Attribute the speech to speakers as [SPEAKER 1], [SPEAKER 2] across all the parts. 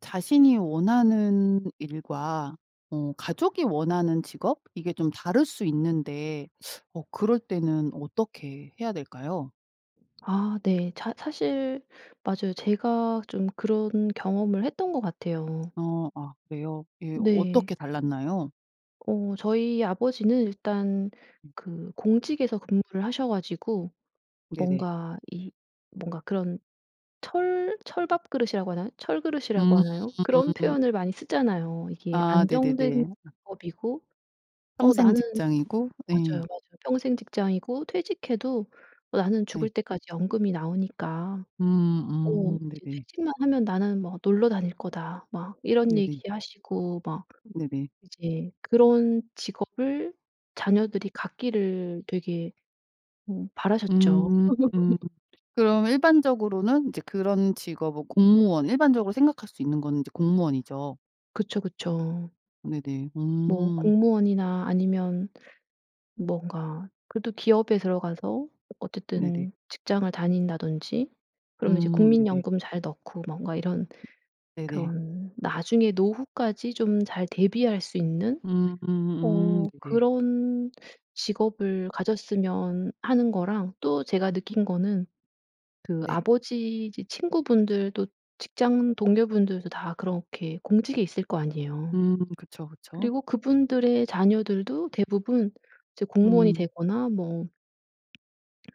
[SPEAKER 1] 자신이 원하는 일과 어 가족이 원하는 직업 이게 좀 다를 수 있는데 어 그럴 때는 어떻게 해야 될까요?
[SPEAKER 2] 아 네 자 사실 맞아요. 제가 좀 그런 경험을 했던 것 같아요.
[SPEAKER 1] 어 아 그래요? 예
[SPEAKER 2] 네.
[SPEAKER 1] 어떻게 달랐나요?
[SPEAKER 2] 어 저희 아버지는 일단
[SPEAKER 1] 음.
[SPEAKER 2] 그 공직에서 근무를 하셔가지고
[SPEAKER 1] 네네.
[SPEAKER 2] 뭔가 이 뭔가 그런 철 철밥그릇이라고 하나요? 철 그릇이라고 하나요? 그런
[SPEAKER 1] 음.
[SPEAKER 2] 표현을 많이 쓰잖아요. 이게
[SPEAKER 1] 아
[SPEAKER 2] 안정된
[SPEAKER 1] 네네네. 아.
[SPEAKER 2] 직업이고 어 나는
[SPEAKER 1] 평생직장이고 예.
[SPEAKER 2] 맞아요 맞아요. "평생직장이고 퇴직해도 나는
[SPEAKER 1] 네.
[SPEAKER 2] 죽을 때까지 연금이 나오니까
[SPEAKER 1] 음
[SPEAKER 2] 어
[SPEAKER 1] 음
[SPEAKER 2] 이제
[SPEAKER 1] 네네.
[SPEAKER 2] 퇴직만 하면 나는 뭐 놀러 다닐 거다." 막 이런
[SPEAKER 1] 네네.
[SPEAKER 2] 얘기하시고 막
[SPEAKER 1] 네네.
[SPEAKER 2] 이제 그런 직업을 자녀들이 갖기를 되게 어 바라셨죠.
[SPEAKER 1] 음 음 그럼 일반적으로는 이제 그런 직업 뭐 공무원 일반적으로 생각할 수 있는 거는 이제 공무원이죠.
[SPEAKER 2] 그쵸 그쵸.
[SPEAKER 1] 네네.
[SPEAKER 2] 뭐
[SPEAKER 1] 음.
[SPEAKER 2] 공무원이나 아니면 뭔가 그래도 기업에 들어가서
[SPEAKER 1] 네네.
[SPEAKER 2] 어쨌든 직장을 다닌다던지 그러면 이제
[SPEAKER 1] 음 네네.
[SPEAKER 2] 국민연금 잘 넣고 뭔가 이런
[SPEAKER 1] 네네.
[SPEAKER 2] 그런 나중에 노후까지 좀 잘 대비할 수 있는
[SPEAKER 1] 음 음.
[SPEAKER 2] 어
[SPEAKER 1] 네네.
[SPEAKER 2] 그런 직업을 가졌으면 하는 거랑 또 제가
[SPEAKER 1] 음.
[SPEAKER 2] 느낀 거는 그
[SPEAKER 1] 네.
[SPEAKER 2] 아버지 이제 친구분들도 직장 동료분들도 다 그렇게 공직에 있을 거 아니에요.
[SPEAKER 1] 음 그쵸 그쵸.
[SPEAKER 2] 그리고 그분들의 자녀들도 대부분 이제 공무원이
[SPEAKER 1] 음.
[SPEAKER 2] 되거나 뭐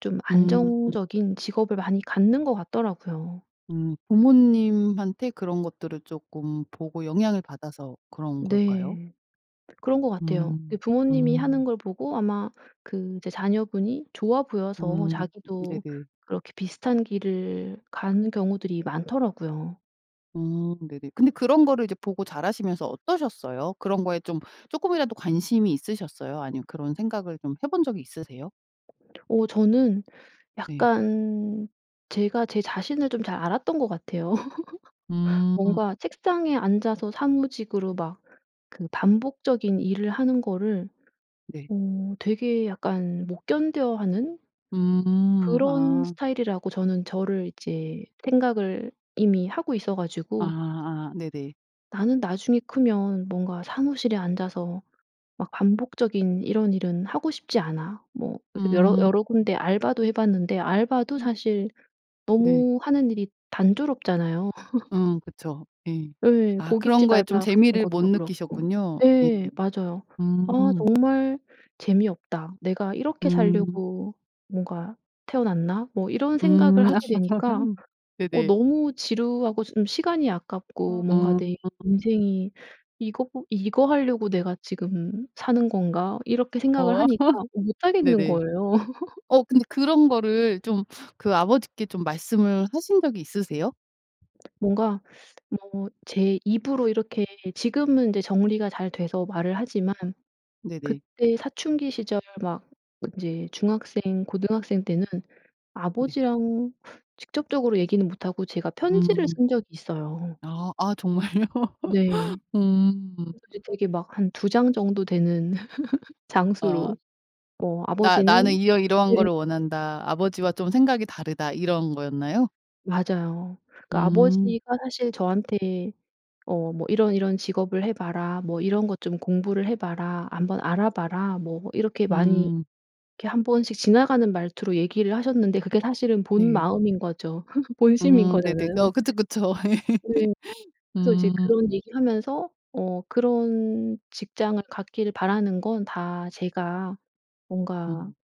[SPEAKER 2] 좀
[SPEAKER 1] 음.
[SPEAKER 2] 안정적인 직업을 많이 갖는 것 같더라고요.
[SPEAKER 1] 음 부모님한테 그런 것들을 쪼끔 보고 영향을 받아서 그런 걸까요?
[SPEAKER 2] 네. 그런 것 같아요. 그
[SPEAKER 1] 음.
[SPEAKER 2] 부모님이 하는
[SPEAKER 1] 음.
[SPEAKER 2] 걸 보고 아마 그 이제 자녀분이 좋아 보여서
[SPEAKER 1] 음
[SPEAKER 2] 자기도
[SPEAKER 1] 네네.
[SPEAKER 2] 그렇게 비슷한 길을 가는 경우들이 많더라고요.
[SPEAKER 1] 어 네네. 근데 그런 거를 이제 보고 자라시면서 어떠셨어요? 그런 거에 좀 조금이라도 관심이 있으셨어요? 아니면 그런 생각을 좀 해본 적이 있으세요?
[SPEAKER 2] 어 저는
[SPEAKER 1] 네.
[SPEAKER 2] 약간 제가 제 자신을 좀 잘 알았던 것 같아요.
[SPEAKER 1] 음.
[SPEAKER 2] 뭔가 책상에 앉아서 사무직으로 막 그 반복적인 일을 하는 거를
[SPEAKER 1] 네.
[SPEAKER 2] 어 되게 약간 못 견뎌하는
[SPEAKER 1] 음.
[SPEAKER 2] 그런
[SPEAKER 1] 아.
[SPEAKER 2] 스타일이라고 저는 저를 이제 생각을 이미 하고 있어 가지고
[SPEAKER 1] 아아 네네.
[SPEAKER 2] '나는 나중에 크면 뭔가 사무실에 앉아서 막 반복적인 이런 일은 하고 싶지 않아.' 뭐 이렇게 여러
[SPEAKER 1] 음.
[SPEAKER 2] 여러 군데 알바도 해봤는데 알바도
[SPEAKER 1] 음.
[SPEAKER 2] 사실
[SPEAKER 1] 네.
[SPEAKER 2] 너무 하는 일이 단조롭잖아요.
[SPEAKER 1] 음 그쵸. 예.
[SPEAKER 2] 예
[SPEAKER 1] 아 그런
[SPEAKER 2] 고깃집
[SPEAKER 1] 거에 좀
[SPEAKER 2] 알바 같은
[SPEAKER 1] 재미를 못
[SPEAKER 2] 것도 그렇고.
[SPEAKER 1] 느끼셨군요. 예.
[SPEAKER 2] 예 맞아요. '아
[SPEAKER 1] 음.
[SPEAKER 2] 정말 재미없다. 내가 이렇게
[SPEAKER 1] 음.
[SPEAKER 2] 살려고 뭔가 태어났나?' 뭐 이런
[SPEAKER 1] 음
[SPEAKER 2] 생각을 하게 되니까 어
[SPEAKER 1] 네네.
[SPEAKER 2] 너무 지루하고 좀 시간이 아깝고 뭔가
[SPEAKER 1] 어.
[SPEAKER 2] 내 인생이 이것보 '이거 하려고 내가 지금 사는 건가?' 이렇게 생각을
[SPEAKER 1] 어
[SPEAKER 2] 하니까 못하겠는
[SPEAKER 1] 네네.
[SPEAKER 2] 거예요.
[SPEAKER 1] 어 근데 그런 거를 좀 그 아버지께 좀 말씀을 하신 적이 있으세요?
[SPEAKER 2] 뭔가 뭐 제 입으로 이렇게 지금은 이제 정리가 잘 돼서 말을 하지만
[SPEAKER 1] 네네.
[SPEAKER 2] 그때 사춘기 시절 막 이제 중학생 고등학생 때는
[SPEAKER 1] 네.
[SPEAKER 2] 아버지랑 직접적으로 얘기는 못하고 제가 편지를
[SPEAKER 1] 음.
[SPEAKER 2] 쓴 적이 있어요.
[SPEAKER 1] 아. 아 정말요?
[SPEAKER 2] 네.
[SPEAKER 1] 음.
[SPEAKER 2] [unintelligible] 되게 막 한 2 장 정도 되는
[SPEAKER 1] 어.
[SPEAKER 2] 장수로. 어
[SPEAKER 1] "나 나는
[SPEAKER 2] 아버지는
[SPEAKER 1] 이러이러한
[SPEAKER 2] 네.
[SPEAKER 1] 거를 원한다. 아버지와 좀 생각이 다르다." 이런 거였나요?
[SPEAKER 2] 맞아요. 그러니까
[SPEAKER 1] 음.
[SPEAKER 2] 아버지가 사실 저한테 어 뭐 "이런 이런 직업을 해봐라. 뭐 이런 것 좀 공부를 해봐라. 한번 알아봐라." 뭐 이렇게 많이
[SPEAKER 1] 음.
[SPEAKER 2] 이렇게 한번씩 지나가는 말투로 얘기를 하셨는데 그게 사실은
[SPEAKER 1] 네.
[SPEAKER 2] 본마음인 거죠. 본심인
[SPEAKER 1] 음 네네.
[SPEAKER 2] 거잖아요.
[SPEAKER 1] 어 그쵸 그쵸.
[SPEAKER 2] 네. 그래서 이제
[SPEAKER 1] 음.
[SPEAKER 2] 그런 얘기하면서 어 "그런 직장을 갖기를 바라는 건 다 제가 뭔가
[SPEAKER 1] 음.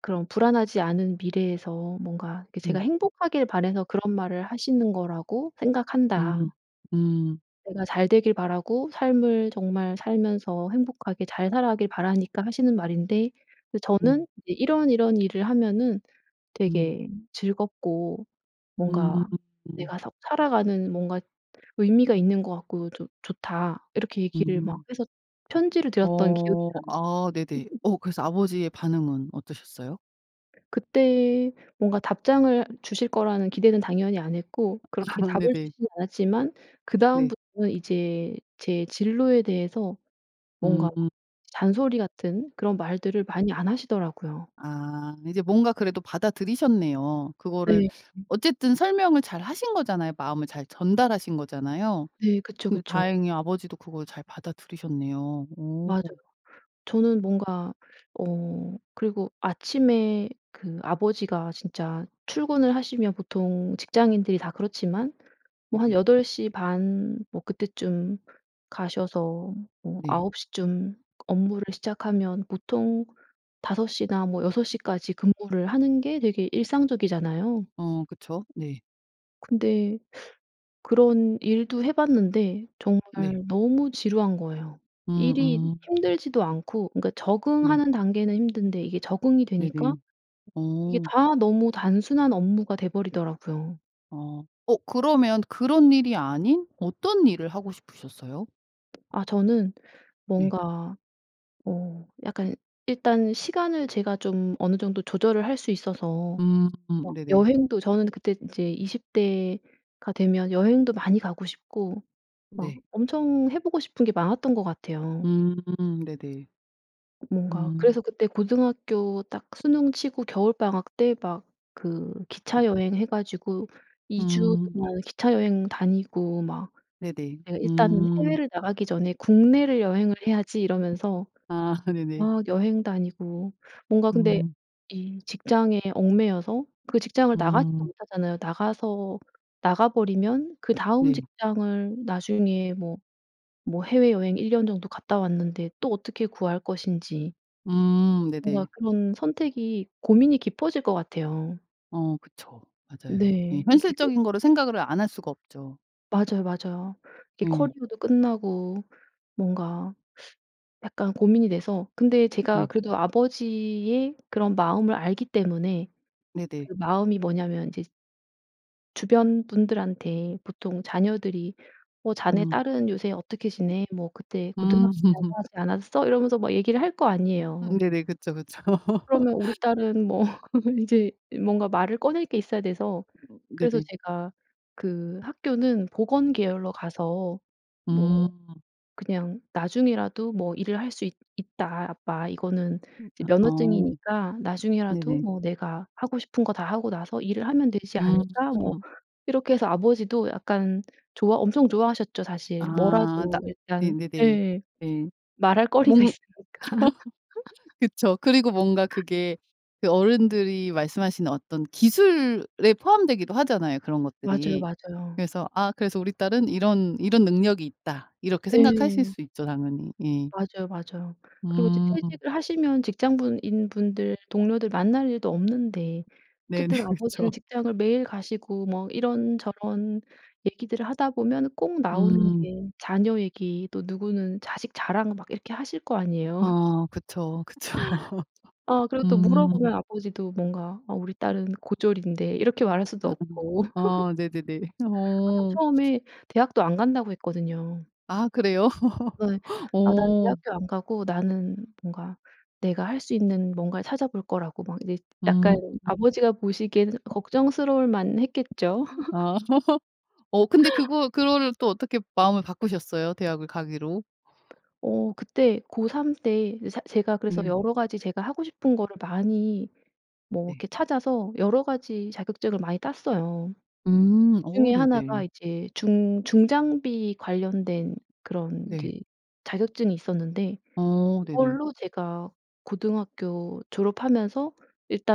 [SPEAKER 2] 그런 불안하지 않은 미래에서 뭔가 이렇게 제가
[SPEAKER 1] 음.
[SPEAKER 2] 행복하길 바래서 그런 말을 하시는 거라고 생각한다."
[SPEAKER 1] 음 음.
[SPEAKER 2] "내가 잘 되길 바라고 삶을 정말 살면서 행복하게 잘 살아가길 바라니까 하시는 말인데
[SPEAKER 1] 음.
[SPEAKER 2] 저는 이제 이런이런 일을 하면은
[SPEAKER 1] 음.
[SPEAKER 2] 되게 즐겁고
[SPEAKER 1] 음.
[SPEAKER 2] 뭔가 내가 사 살아가는 뭔가 의미가 있는 것 같고 좋 좋다." 이렇게 얘기를 막
[SPEAKER 1] 음.
[SPEAKER 2] 해서 편지를 드렸던 기억이
[SPEAKER 1] 어
[SPEAKER 2] 나요.
[SPEAKER 1] 아 네네. 어 그래서 아버지의 반응은 어떠셨어요?
[SPEAKER 2] 그때 뭔가 답장을 주실 거라는 기대는 당연히 안 했고 그렇게 답을
[SPEAKER 1] 네네.
[SPEAKER 2] 주시지는 않았지만
[SPEAKER 1] 네.
[SPEAKER 2] 그다음부터는 이제 제 진로에 대해서 뭔가
[SPEAKER 1] 음.
[SPEAKER 2] 잔소리 같은 그런 말들을 많이 안 하시더라고요.
[SPEAKER 1] 아 이제 뭔가 그래도 받아들이셨네요. 그거를
[SPEAKER 2] 네.
[SPEAKER 1] 어쨌든 설명을 잘 하신거잖아요. 마음을 잘 전달하신 거잖아요.
[SPEAKER 2] 네 그쵸
[SPEAKER 1] 근데
[SPEAKER 2] 그쵸.
[SPEAKER 1] 다행히 아버지도 그걸 잘 받아들이셨네요. 오.
[SPEAKER 2] 맞아요. 저는 뭔가 어 그리고 아침에 그 아버지가 진짜 출근을 하시면 보통 직장인들이 다 그렇지만 뭐 한
[SPEAKER 1] 네네.
[SPEAKER 2] 8:30 뭐 그때쯤 가셔서 뭐
[SPEAKER 1] 네.
[SPEAKER 2] 9:00 쯤 업무를 시작하면 보통 5:00 나 뭐 6:00 까지 근무를 하는 게 되게 일상적이잖아요.
[SPEAKER 1] 어 그쵸. 네.
[SPEAKER 2] 근데 그런 일도 해봤는데 정말
[SPEAKER 1] 네.
[SPEAKER 2] 너무 지루한 거예요.
[SPEAKER 1] 음
[SPEAKER 2] 일이
[SPEAKER 1] 음.
[SPEAKER 2] 힘들지도 않고 그니까
[SPEAKER 1] 네.
[SPEAKER 2] 적응하는 단계는 힘든데 이게 적응이 되니까
[SPEAKER 1] 네네.
[SPEAKER 2] 이게
[SPEAKER 1] 어.
[SPEAKER 2] 다 너무 단순한 업무가 돼 버리더라고요.
[SPEAKER 1] 어. 어 그러면 그런 일이 아닌 어떤 일을 하고 싶으셨어요?
[SPEAKER 2] 아 저는
[SPEAKER 1] 네.
[SPEAKER 2] 뭔가 어 약간 일단 시간을 제가 좀 어느 정도 조절을 할 수 있어서
[SPEAKER 1] 음
[SPEAKER 2] 막
[SPEAKER 1] 네네.
[SPEAKER 2] 여행도 저는 그때 이제 20 대가 되면 여행도 많이 가고 싶고 막
[SPEAKER 1] 네.
[SPEAKER 2] 엄청 해보고 싶은 게 많았던 거 같아요.
[SPEAKER 1] 음 네네.
[SPEAKER 2] 뭔가
[SPEAKER 1] 음.
[SPEAKER 2] 그래서 그때 고등학교 딱 수능치고 겨울방학 때 막 그
[SPEAKER 1] 음.
[SPEAKER 2] 기차 여행 해가지고 2 주
[SPEAKER 1] 음.
[SPEAKER 2] 동안 기차 여행 다니고 막
[SPEAKER 1] 네네.
[SPEAKER 2] '내가 일단은
[SPEAKER 1] 음.
[SPEAKER 2] 해외를 나가기 전에 국내를 여행을 해야지.' 이러면서
[SPEAKER 1] 아 네네.
[SPEAKER 2] 막 여행 다니고. 뭔가 근데
[SPEAKER 1] 음.
[SPEAKER 2] 이 직장에 얽매여서 그 직장을 나가지도
[SPEAKER 1] 음.
[SPEAKER 2] 못하잖아요. 나가서 나가버리면 그다음
[SPEAKER 1] 네.
[SPEAKER 2] 직장을 나중에 뭐 뭐 해외여행 1 년 정도 갔다 왔는데 또 어떻게 구할 것인지.
[SPEAKER 1] 음
[SPEAKER 2] 뭔가
[SPEAKER 1] 네네.
[SPEAKER 2] 그런 선택이 고민이 깊어질 것 같아요.
[SPEAKER 1] 어 그쵸. 맞아요. 예
[SPEAKER 2] 네. 이게
[SPEAKER 1] 현실적인 거를 생각을 안 할 수가 없죠.
[SPEAKER 2] 맞아요 맞아요. 이
[SPEAKER 1] 예.
[SPEAKER 2] 커리어도 끝나고 뭔가 약간 고민이 돼서. 근데 제가
[SPEAKER 1] 네.
[SPEAKER 2] 그래도 아버지의 그런 마음을 알기 때문에
[SPEAKER 1] 네네.
[SPEAKER 2] 그 마음이 뭐냐면 이제 주변 분들한테 보통 자녀들이 어 "자네
[SPEAKER 1] 음.
[SPEAKER 2] 딸은 요새 어떻게 지내? 뭐 그때
[SPEAKER 1] 음.
[SPEAKER 2] 고등학생이라고 하지 않았어?" 이러면서 막 얘기를 할 거
[SPEAKER 1] 음
[SPEAKER 2] 아니에요.
[SPEAKER 1] 네네. 그쵸 그쵸.
[SPEAKER 2] 그러면 우리 딸은 뭐 이제 뭔가 말을 꺼낼 게 있어야 돼서, 그래서
[SPEAKER 1] 네네.
[SPEAKER 2] 제가 그 학교는 보건 계열로 가서 뭐
[SPEAKER 1] 음.
[SPEAKER 2] 그냥 "나중에라도 뭐 일을 할 수 있 있다 아빠. 이거는
[SPEAKER 1] 음
[SPEAKER 2] 이제
[SPEAKER 1] 아 어.
[SPEAKER 2] 면허증이니까 나중에라도
[SPEAKER 1] 네네.
[SPEAKER 2] 뭐 내가 하고 싶은 거 다 하고 나서 일을 하면 되지
[SPEAKER 1] 음.
[SPEAKER 2] 않을까?" 뭐 이렇게 해서 아버지도 약간 좋아 엄청 좋아하셨죠 사실.
[SPEAKER 1] 아 나
[SPEAKER 2] 뭐라도 일단
[SPEAKER 1] 네네네.
[SPEAKER 2] 네.
[SPEAKER 1] 네.
[SPEAKER 2] 말할 거리가
[SPEAKER 1] 뭔
[SPEAKER 2] 있으니까.
[SPEAKER 1] 그쵸. 그리고 뭔가 그게 그 어른들이 말씀하시는 어떤 기술에 포함되기도 하잖아요 그런
[SPEAKER 2] 맞아요
[SPEAKER 1] 것들이.
[SPEAKER 2] 맞아요.
[SPEAKER 1] 그래서 아 그래서 '우리 딸은 이런 이런 능력이 있다.' 이렇게 생각하실
[SPEAKER 2] 예.
[SPEAKER 1] 수 있죠 당연히. 예.
[SPEAKER 2] 맞아요 맞아요. 그리고 이제
[SPEAKER 1] 음.
[SPEAKER 2] 퇴직을 하시면 직장분 인 분들, 동료들 만날 일도 없는데
[SPEAKER 1] 네네.
[SPEAKER 2] 어쨌든
[SPEAKER 1] 그쵸.
[SPEAKER 2] 아버지는 직장을 매일 가시고 뭐 이런저런 얘기들을 하다 보면은 꼭 나오는
[SPEAKER 1] 음.
[SPEAKER 2] 게 자녀 얘기 또 누구는 자식 자랑 막 이렇게 하실 거 아니에요.
[SPEAKER 1] 어 그쵸. 그쵸.
[SPEAKER 2] 아 그리고 또
[SPEAKER 1] 음.
[SPEAKER 2] 물어보면 아버지도 뭔가 "어 우리 딸은 고졸인데." 이렇게 말할 수도 없고.
[SPEAKER 1] 아 네네네.
[SPEAKER 2] 아 전
[SPEAKER 1] 어.
[SPEAKER 2] 처음에 대학도 안 간다고 했거든요.
[SPEAKER 1] 아 그래요?
[SPEAKER 2] 네. 아 난
[SPEAKER 1] 어.
[SPEAKER 2] 대학교 안 가고 나는 뭔가 내가 할 수 있는 뭔가를 찾아볼 거라고 막 이제 약간
[SPEAKER 1] 음.
[SPEAKER 2] 아버지가 보시기에는 걱정스러울 만했겠죠.
[SPEAKER 1] 아 어 근데 그거 그거를 또 어떻게 마음을 바꾸셨어요 대학을 가기로?
[SPEAKER 2] 어 그때 고 3 때 이 세 제가 그래서
[SPEAKER 1] 네.
[SPEAKER 2] 여러가지 제가 하고 싶은 거를 많이 뭐
[SPEAKER 1] 네.
[SPEAKER 2] 이렇게 찾아서 여러가지 자격증을 많이 땄어요.
[SPEAKER 1] 음.
[SPEAKER 2] 그
[SPEAKER 1] 어
[SPEAKER 2] 중에 1 가
[SPEAKER 1] 네네.
[SPEAKER 2] 이제 중 중장비 관련된 그런
[SPEAKER 1] 네.
[SPEAKER 2] 이제 자격증이 있었는데
[SPEAKER 1] 어 네네.
[SPEAKER 2] 이걸로 제가 고등학교 졸업하면서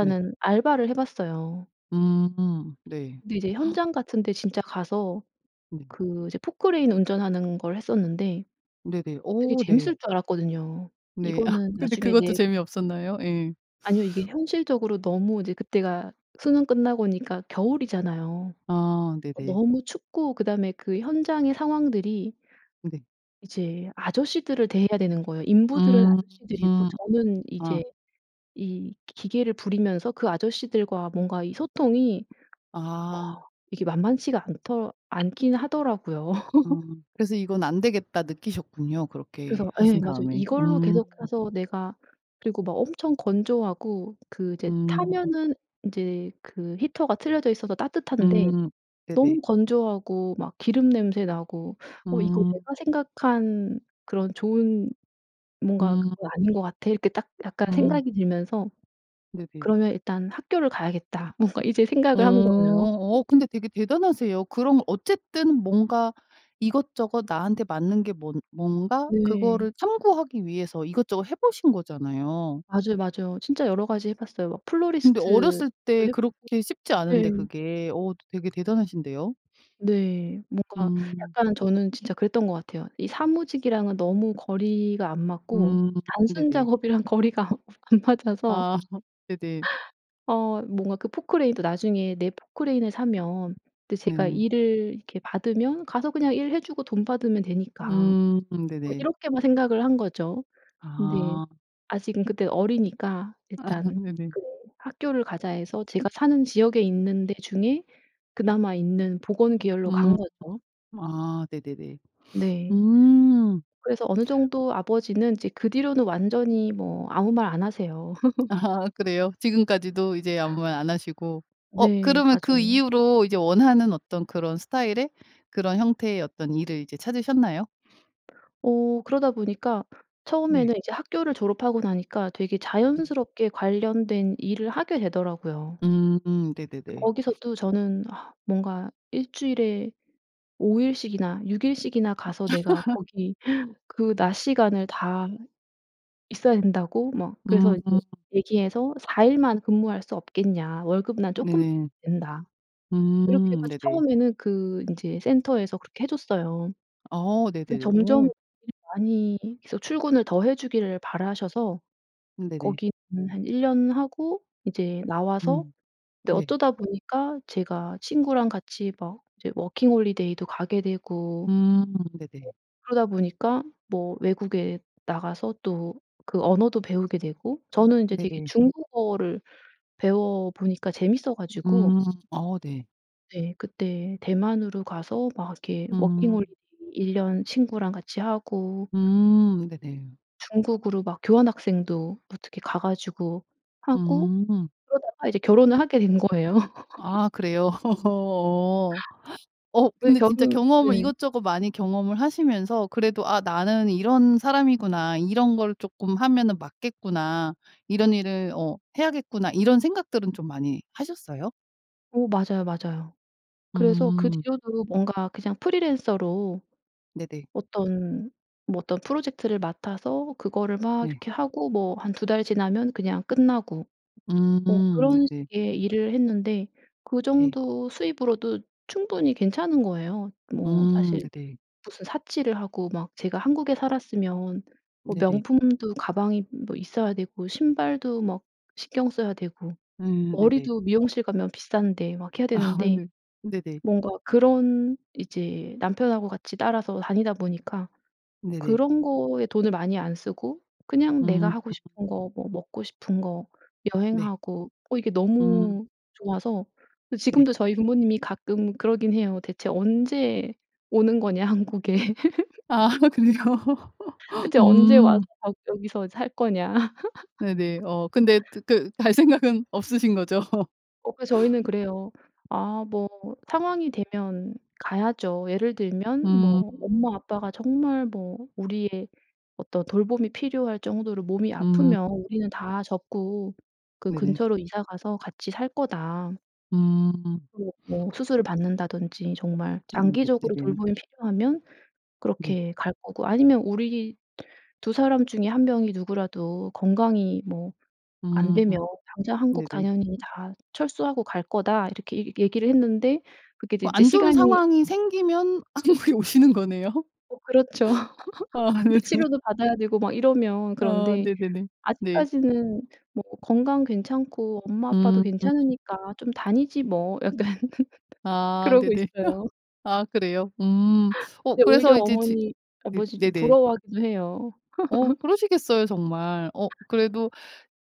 [SPEAKER 1] 네.
[SPEAKER 2] 알바를 해봤어요.
[SPEAKER 1] 음 네.
[SPEAKER 2] 근데 이제 현장 같은데 진짜 가서
[SPEAKER 1] 네.
[SPEAKER 2] 그 이제 포클레인 운전하는 걸 했었는데
[SPEAKER 1] 네네.
[SPEAKER 2] 되게
[SPEAKER 1] 어 네.
[SPEAKER 2] 재밌을 줄 알았거든요.
[SPEAKER 1] 네.
[SPEAKER 2] 이거는
[SPEAKER 1] 근데
[SPEAKER 2] 나중에
[SPEAKER 1] 그것도
[SPEAKER 2] 네
[SPEAKER 1] 재미없었나요? 예.
[SPEAKER 2] 아니요. 이게 현실적으로 너무 이제 그때가 수능 끝나고니까 겨울이잖아요.
[SPEAKER 1] 아 네네.
[SPEAKER 2] 너무 춥고 그다음에 그 현장의 상황들이
[SPEAKER 1] 네.
[SPEAKER 2] 이제 아저씨들을 대해야 되는 거예요. 인부들은
[SPEAKER 1] 음
[SPEAKER 2] 아저씨들이고 저는
[SPEAKER 1] 아.
[SPEAKER 2] 이제 이 기 기계를 부리면서 그 아저씨들과 뭔가 이 소통이 어
[SPEAKER 1] 아.
[SPEAKER 2] 이게 만만치가 않더 않기는 하더라고요.
[SPEAKER 1] 아 그래서 '이건 안 되겠다.' 느끼셨군요 그렇게
[SPEAKER 2] 그래서 예
[SPEAKER 1] 하신
[SPEAKER 2] 맞아요.
[SPEAKER 1] 다음에.
[SPEAKER 2] 이걸로
[SPEAKER 1] 음.
[SPEAKER 2] 계속 가서 내가 그리고 막 엄청 건조하고 그 이제
[SPEAKER 1] 음.
[SPEAKER 2] 타면은 이제 그 히터가 틀려져 있어서 따뜻한데
[SPEAKER 1] 음 네네.
[SPEAKER 2] 너무 건조하고 막 기름 냄새 나고 '어 이거
[SPEAKER 1] 음.
[SPEAKER 2] 내가 생각한 그런 좋은 뭔가 그거
[SPEAKER 1] 음.
[SPEAKER 2] 아닌 거 같아.' 이렇게 딱 약간
[SPEAKER 1] 음.
[SPEAKER 2] 생각이 들면서
[SPEAKER 1] 네네.
[SPEAKER 2] '그러면 일단 학교를 가야겠다.' 뭔가 이제
[SPEAKER 1] 어.
[SPEAKER 2] 생각을 한 거예요.
[SPEAKER 1] 어 근데 되게 대단하세요. 그럼 어쨌든 뭔가 이것저것 나한테 맞는 게 뭔 뭔가
[SPEAKER 2] 네.
[SPEAKER 1] 그거를 탐구하기 위해서 이것저것 해보신 거잖아요.
[SPEAKER 2] 맞아요 맞아요. 진짜 여러가지 해봤어요. 막
[SPEAKER 1] 근데
[SPEAKER 2] 플로리스트도
[SPEAKER 1] 어렸을 때
[SPEAKER 2] 해보고.
[SPEAKER 1] 그렇게 쉽지 않은데
[SPEAKER 2] 네.
[SPEAKER 1] 그게 어 되게 대단하신데요.
[SPEAKER 2] 네 뭔가
[SPEAKER 1] 음.
[SPEAKER 2] 약간은 저는 진짜 그랬던 것 같아요. 이 사무직이랑은 너무 거리가 안 맞고
[SPEAKER 1] 음
[SPEAKER 2] 단순
[SPEAKER 1] 네네.
[SPEAKER 2] 작업이랑 거리가 아 안 맞아서.
[SPEAKER 1] 아 네네.
[SPEAKER 2] 어 뭔가 그 포클레인 도 '나중에 내 포클레인 을 사면' 제가
[SPEAKER 1] 네네.
[SPEAKER 2] 일을 이렇게 받으면 '...가서 그냥 일해주고 돈 받으면 되니까.'
[SPEAKER 1] 음
[SPEAKER 2] 뭐
[SPEAKER 1] 네네.
[SPEAKER 2] 이렇게만 생각을 한 거죠. 근데
[SPEAKER 1] 아.
[SPEAKER 2] 아직은 그때 어리니까
[SPEAKER 1] 아
[SPEAKER 2] '일단
[SPEAKER 1] 네네.
[SPEAKER 2] 그 학교를 가자.' 해서 제가 사는 지역에 있는 데 중에 그나마 있는 보건 계열로
[SPEAKER 1] 음.
[SPEAKER 2] 간 거죠.
[SPEAKER 1] 아 네네네.
[SPEAKER 2] 네.
[SPEAKER 1] 음.
[SPEAKER 2] 그래서 어느 정도 아버지는 이제 그 뒤로는 완전히 뭐 아무 말 안 하세요.
[SPEAKER 1] 아 그래요? 지금까지도 이제 아무 말 안 하시고. 어
[SPEAKER 2] 네
[SPEAKER 1] 그러면 그
[SPEAKER 2] 맞아요.
[SPEAKER 1] 이후로 이제 원하는 어떤 그런 스타일의 그런 형태의 어떤 일을 이제 찾으셨나요?
[SPEAKER 2] 어 그러다 보니까
[SPEAKER 1] 네.
[SPEAKER 2] 처음에는 이제 학교를 졸업하고 나니까 되게
[SPEAKER 1] 음.
[SPEAKER 2] 자연스럽게 관련된 일을 하게 되더라요.
[SPEAKER 1] 음
[SPEAKER 2] 근데
[SPEAKER 1] 네네네.
[SPEAKER 2] 거기서 또 저는 뭔가 '1 주일에 5 일씩이나 6 일씩이나 가서 내가 거기 그 낮시간을 다 있어야 된다고?' 뭐
[SPEAKER 1] 음.
[SPEAKER 2] 그래서 이제 얘기해서 "4 일만 근무할 수 없겠냐? 월급은 난 조금
[SPEAKER 1] 네네.
[SPEAKER 2] 된다." 이렇게
[SPEAKER 1] 음
[SPEAKER 2] 해가지고
[SPEAKER 1] 네네.
[SPEAKER 2] 처음에는 그 인제 센터에서 그렇게 해줬어요.
[SPEAKER 1] 어
[SPEAKER 2] 근데
[SPEAKER 1] 네네네.
[SPEAKER 2] 점점
[SPEAKER 1] 오.
[SPEAKER 2] [unintelligible] 많이 계속 출근을 더 해주기를 바라셔서
[SPEAKER 1] 네네.
[SPEAKER 2] 거기는 한 1 년 하고 이제 나와서
[SPEAKER 1] 음.
[SPEAKER 2] 근데
[SPEAKER 1] 네.
[SPEAKER 2] 어쩌다 보니까 제가 친구랑 같이 막 이제 워킹 홀리데이도 가게 되고
[SPEAKER 1] 음 네네.
[SPEAKER 2] 그러다 보니까 뭐 외국에 나가서 또 그 언어도 배우게 되고.
[SPEAKER 1] 아
[SPEAKER 2] 저는 이제 되게
[SPEAKER 1] 네네.
[SPEAKER 2] 중국어를 배워보니까 재밌어가지고
[SPEAKER 1] 음. 어 네.
[SPEAKER 2] 네 그때 대만으로 가서 막 이렇게
[SPEAKER 1] 음.
[SPEAKER 2] 워킹홀리데이 1 년 친구랑 같이 하고
[SPEAKER 1] 음 네네.
[SPEAKER 2] 중국으로 막 교환학생도 어떻게 가 가지고 하고
[SPEAKER 1] 음.
[SPEAKER 2] 그러다가 이제 결혼을 하게 된 거예요.
[SPEAKER 1] 아 그래요? 어. 어
[SPEAKER 2] 왜
[SPEAKER 1] 근데
[SPEAKER 2] 결혼
[SPEAKER 1] 진짜 경험을
[SPEAKER 2] 네.
[SPEAKER 1] 이것저것 많이 경험을 하시면서 그래도 '아 나는 이런 사람이구나. 이런 걸 쪼끔 하면은 맞겠구나. 이런 일을 어 해야겠구나.' 이런 생각들은 좀 많이 하셨어요?
[SPEAKER 2] 어 맞아요 맞아요. 그래서 그
[SPEAKER 1] 음.
[SPEAKER 2] 뒤로도 뭔가 그냥 프리랜서로
[SPEAKER 1] 네네.
[SPEAKER 2] 어떤 뭐 어떤 프로젝트를 맡아서 그거를 막
[SPEAKER 1] 네.
[SPEAKER 2] 이렇게 하고 뭐 한 2 달 지나면 그냥 끝나고. 뭐
[SPEAKER 1] 음
[SPEAKER 2] 그런
[SPEAKER 1] 네네.
[SPEAKER 2] 식의 일을 했는데 그
[SPEAKER 1] 네.
[SPEAKER 2] 정도 수입으로도 충분히 괜찮은 거예요. 뭐
[SPEAKER 1] 음
[SPEAKER 2] 사실
[SPEAKER 1] 네네.
[SPEAKER 2] 무슨 사치를 하고 막 제가 한국에 살았으면 뭐
[SPEAKER 1] 네네.
[SPEAKER 2] 명품도 가방이 뭐 있어야 되고 신발도 막 신경 써야 되고
[SPEAKER 1] 음 네네.
[SPEAKER 2] 머리도 미용실 가면 비싼데 막 해야
[SPEAKER 1] 아
[SPEAKER 2] 되는데
[SPEAKER 1] 네. 네네.
[SPEAKER 2] 뭔가 그런 이제 남편하고 같이 따라서 다니다 보니까
[SPEAKER 1] 네네.
[SPEAKER 2] 그런 거에 돈을 많이 안 쓰고 그냥 내가
[SPEAKER 1] 음.
[SPEAKER 2] 하고 싶은 거 뭐 먹고 싶은 거
[SPEAKER 1] 네.
[SPEAKER 2] 여행하고 어 이게
[SPEAKER 1] 음.
[SPEAKER 2] 너무 좋아서
[SPEAKER 1] 네.
[SPEAKER 2] 지금도 저희 부모님이 가끔 그러기는 해요. "대체 언제 오는 거냐 한국에?"
[SPEAKER 1] 아 그래요?
[SPEAKER 2] "대체 언제 와서
[SPEAKER 1] 음.
[SPEAKER 2] 막 여기서 살 거냐?"
[SPEAKER 1] 네네. 어 근데 드 그 갈 생각은 없으신 거죠?
[SPEAKER 2] 어 그래서 저희는 그래요. "아 뭐 상황이 되면 가야죠. 예를 들면
[SPEAKER 1] 음.
[SPEAKER 2] 뭐 엄마 아빠가 정말 뭐 우리의 어떤 돌봄이 필요할 정도로 몸이
[SPEAKER 1] 음.
[SPEAKER 2] 아프면 우리는 다 접고 그
[SPEAKER 1] 네네.
[SPEAKER 2] 근처로 이사 가서 같이 살 거다."
[SPEAKER 1] 음.
[SPEAKER 2] "그리고 뭐 수술을 받는다든지 정말
[SPEAKER 1] 음 네
[SPEAKER 2] 장기적으로
[SPEAKER 1] 네네.
[SPEAKER 2] 돌봄이 필요하면
[SPEAKER 1] 네.
[SPEAKER 2] 그렇게 갈 거고 아니면 우리 2 사람 중에 1 명이 누구라도 건강이 뭐
[SPEAKER 1] 음.
[SPEAKER 2] 안되면 당장 한국
[SPEAKER 1] 네네.
[SPEAKER 2] 당연히 다 철수하고 갈거다." 이렇게 얘 얘기를 했는데 그게 이제
[SPEAKER 1] 그
[SPEAKER 2] 이제
[SPEAKER 1] 안 좋은
[SPEAKER 2] 시간이
[SPEAKER 1] 상황이 생기면 한국에 오시는 거네요.
[SPEAKER 2] 어 그렇죠.
[SPEAKER 1] 아
[SPEAKER 2] 이제
[SPEAKER 1] 네네.
[SPEAKER 2] 치료도 받아야 되고 막 이러면
[SPEAKER 1] 아
[SPEAKER 2] 그런데
[SPEAKER 1] 네네네. 네.
[SPEAKER 2] '아직까지는 뭐 건강 괜찮고 엄마 아빠도
[SPEAKER 1] 음.
[SPEAKER 2] 괜찮으니까 좀 다니지 뭐.' 약간
[SPEAKER 1] 아
[SPEAKER 2] 그러고
[SPEAKER 1] 네네.
[SPEAKER 2] 있어요.
[SPEAKER 1] 아 그래요? 음 어
[SPEAKER 2] 근데 오히려
[SPEAKER 1] 그래서 이제 지
[SPEAKER 2] 어머니
[SPEAKER 1] 네
[SPEAKER 2] 아버지도
[SPEAKER 1] 네네.
[SPEAKER 2] 부러워하기도 해요.
[SPEAKER 1] 어 그러시겠어요 정말. 어 그래도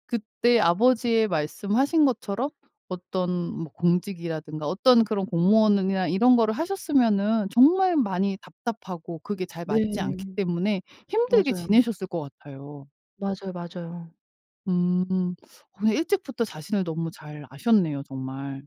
[SPEAKER 1] 그때 아버지의 말씀하신 것처럼 어떤 뭐 공직이라든가 어떤 그런 공무원으 이나 이런 거를 하셨으면은 정말 많이 답답하고 그게 잘 맞지
[SPEAKER 2] 네.
[SPEAKER 1] 않기 때문에 힘들게
[SPEAKER 2] 맞아요.
[SPEAKER 1] 지내셨을 것 같아요.
[SPEAKER 2] 맞아요 맞아요.
[SPEAKER 1] 음 그런데 일찍부터 자신을 너무 잘 아셨네요 정말.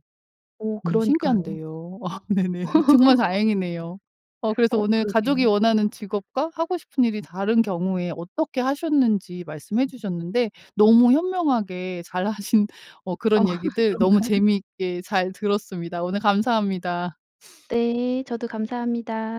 [SPEAKER 2] 어
[SPEAKER 1] 너무
[SPEAKER 2] 그러니까요.
[SPEAKER 1] 신기한데요. 아 네네. 정말 다행이네요. 어 그래서
[SPEAKER 2] 어
[SPEAKER 1] 오늘 가족이
[SPEAKER 2] 그러게요.
[SPEAKER 1] 원하는 직업과 하고 싶은 일이 다른 경우에 어떻게 하셨는지 말씀해 주셨는데 너무 현명하게 잘 하신 어
[SPEAKER 2] 어
[SPEAKER 1] 그런 얘기들 너무
[SPEAKER 2] 그런가요?
[SPEAKER 1] 재미있게 잘 들었습니다. 오늘 감사합니다.
[SPEAKER 2] 네 저도 감사합니다.